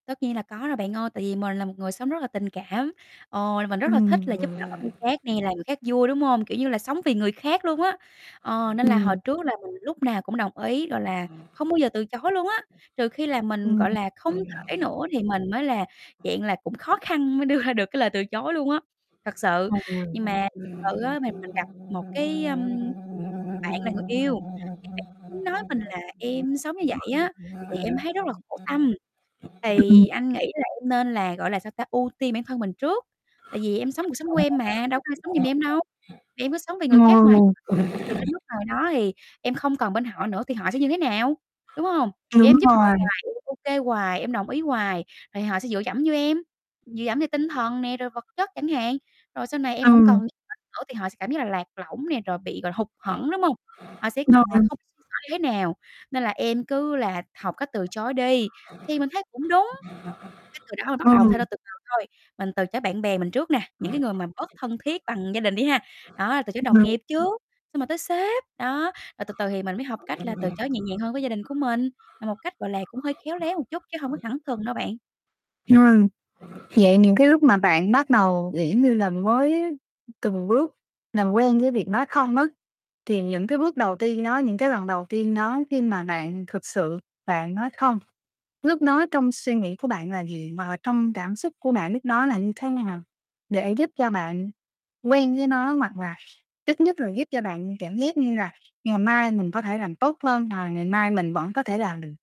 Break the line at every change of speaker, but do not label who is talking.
Tất nhiên là có rồi bạn ơi. Tại vì mình là một người sống rất là tình cảm, ờ, mình rất là thích
Ừm,
là
gọi
giúp đỡ
là
người khác nè, làm người khác vui, đúng hông? Kiểu như là sống vì người khác luôn á. Ờ, nên là hồi
Ừm.
trước là mình lúc nào cũng đồng ý, gọi là, không bao giờ từ chối luôn á, trừ khi là mình,
Ừm.
gọi là, không thể nữa thì mình mới là dạng là cũng khó khăn mới đưa ra được cái lời từ chối luôn á, thật sự. Nhưng mà sự á, mình mình gặp một cái, ờm, bạn là người yêu, thì bạn ấy nói mình là "Em sống như vậy á, thì em thấy rất là khổ tâm, thì
[unintelligible]
anh nghĩ là em nên là, gọi là, sao ta, ưu tiên bản thân mình trước, tại vì em sống cuộc sống của em mà, đâu có ai sống dùm em đâu, em cứ sống vì người khác hoài [unintelligible] thì đến
[unintelligible]
lúc nào đó thì em không còn bên họ nữa, thì họ sẽ như thế nào, đúng hông? Giờ
Đúng
em giúp họ
rồi.
hoài, em ô kê hoài, em đồng ý hoài, rồi họ sẽ dựa dẫm vô em, dựa dẫm về tinh thần nè, rồi vật chất chẳng hạn. Rồi sau này em hổng còn
Ừm.
[unintelligible] nữa thì họ sẽ cảm giác là lạc lõng nè, rồi bị, gọi là, hụt hẫng, đúng hông? Họ sẽ còn là
Vâng.
không biết xoay sở như thế nào. Nên là em cứ là học cách từ chối đi." Thì mình thấy cũng đúng! Cái từ đó mình bắt đầu
Ừ.
thay đổi từ từ thôi, mình từ chối bạn bè mình trước nè, những cái người mà bớt thân thiết bằng gia đình đi ha. Đó, từ chối đồng
Ừm.
nghiệp trước, xong rồi tới sếp, đó, rồi từ từ thì mình mới học cách là từ chối nhẹ nhàng hơn với gia đình của mình, là một cách, gọi là, cũng hơi khéo léo một chút chứ hông có thẳng thừng đâu bạn.
Hiểu rồi. Vậy những cái lúc mà bạn bắt đầu, kiểu, giống như là, mới từng bước làm quen với việc nói không đó thì những cái bước đầu tiên đó, những cái lần đầu tiên đó khi mà bạn thực sự bạn nói không, núc đó trong suy nghĩ của bạn là gì? Mà trong cảm xúc của bạn lúc đó là như thế nào? Để giúp cho bạn quen với nó hoặc là ít nhất là giúp cho bạn cảm giác như là ngày mai mình có thể làm tốt hơn hoặc là ngày mai mình vẫn có thể làm được.